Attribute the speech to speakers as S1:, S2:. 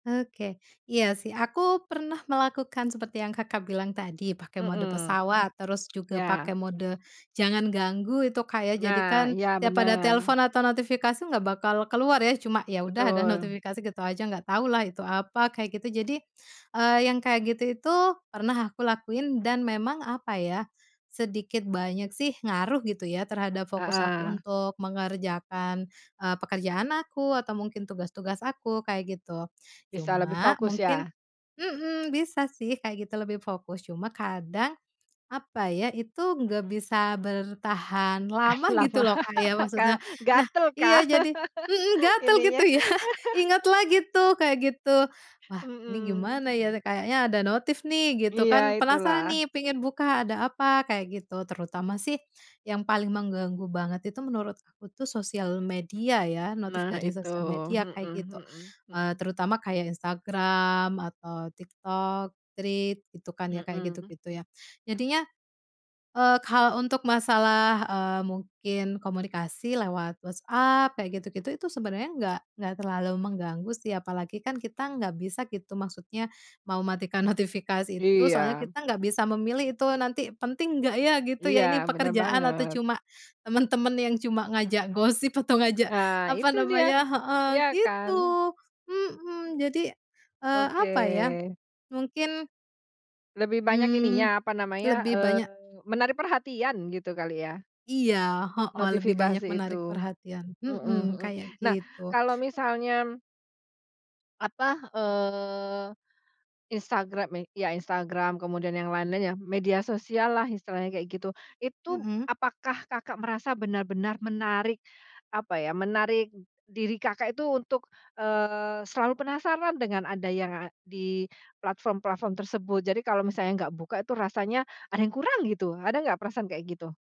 S1: Oke. Iya sih, aku pernah melakukan seperti yang Kakak bilang tadi pakai mode
S2: Mhm.
S1: pesawat, terus juga
S2: Ya.
S1: pakai mode jangan ganggu itu Kak ya
S2: Nah,
S1: jadikan
S2: iya,
S1: tiap ada
S2: bener.
S1: telepon atau notifikasi nggak bakal keluar ya, cuma ya udah ada
S2: Betul.
S1: notifikasi gitu aja nggak tahu lah itu apa, kayak gitu. Jadi, eee, yang kayak gitu itu, pernah aku lakuin dan memang apa ya, sedikit banyak sih ngaruh gitu ya terhadap fokus aku
S2: Heeh.
S1: untuk mengerjakan, eee, pekerjaan aku atau mungkin tugas-tugas aku, kayak gitu.
S2: Bisa lebih
S1: Cuma
S2: fokus
S1: mungkin
S2: ya?
S1: mhm, bisa sih kayak gitu lebih fokus cuma kadang, apa ya, itu nggak bisa bertahan lama gitu
S2: Kenapa?
S1: loh Kak ya maksudnya.
S2: Ka
S1: Nah
S2: gatel
S1: iya,
S2: kah?
S1: jadi mhm, gatel gitu
S2: Ininya.
S1: ya, ingat lagi tuh, kayak gitu, "Wah ini
S2: Mhm.
S1: gimana ya? Kayaknya ada notif nih," gitu kan
S2: Iya
S1: penasaran
S2: itulah.
S1: nih pingin buka ada apa kayak gitu. Terutama sih yang paling mengganggu banget itu menurut aku tuh sosial media ya, notif
S2: Nah
S1: dari
S2: itu.
S1: sosial media
S2: Mhm
S1: kayak gitu,
S2: mhm
S1: eee,
S2: mhm.
S1: terutama kayak Instagram, atau TikTok, Threads, gitu kan ya, kayak
S2: Mhm.
S1: gitu-gitu ya. Jadinya, eee, kalau untuk masalah, eee, mungkin komunikasi lewat WhatsApp kayak gitu-gitu, itu sebenernya enggak enggak terlalu mengganggu sih, apalagi kan kita nggak bisa gitu, maksudnya mau matikan notifikasi itu, soalnya
S2: Iya.
S1: kita nggak bisa memilih itu nanti penting nggak ya, gitu
S2: Iya,
S1: ya. Ini
S2: bener
S1: pekerjaan atau
S2: banget.
S1: cuma temen-temen yang cuma ngajak gosip atau ngajak,
S2: Nah
S1: apa
S2: itu dia.
S1: namanya heeh,
S2: Iya
S1: gitu,
S2: kan?
S1: mhm, jadi, eee,
S2: Oke.
S1: apa ya, mungkin
S2: Lebih banyak
S1: mmm,
S2: ininya, apa namanya,
S1: lebih
S2: eee,
S1: banyak
S2: menarik perhatian, gitu kali ya?
S1: Iya, heeh, lebih banyak
S2: Notifikasi itu.
S1: menarik perhatian,
S2: Mhm
S1: mhm,
S2: mhm,
S1: kayak
S2: nah,
S1: gitu.
S2: kalau misalnya apa, eee, Instagram me iya, Instagram kemudian yang lain-lain ya, media sosial lah istilahnya kayak gitu. Itu,
S1: Mhm.
S2: apakah Kakak merasa benar-benar menarik, apa ya, menarik diri Kakak itu untuk, eee, selalu penasaran dengan ada yang nga di platform-platform tersebut? Jadi kalau misalnya nggak buka itu rasanya ada yang kurang gitu, ada nggak perasaan kayak gitu?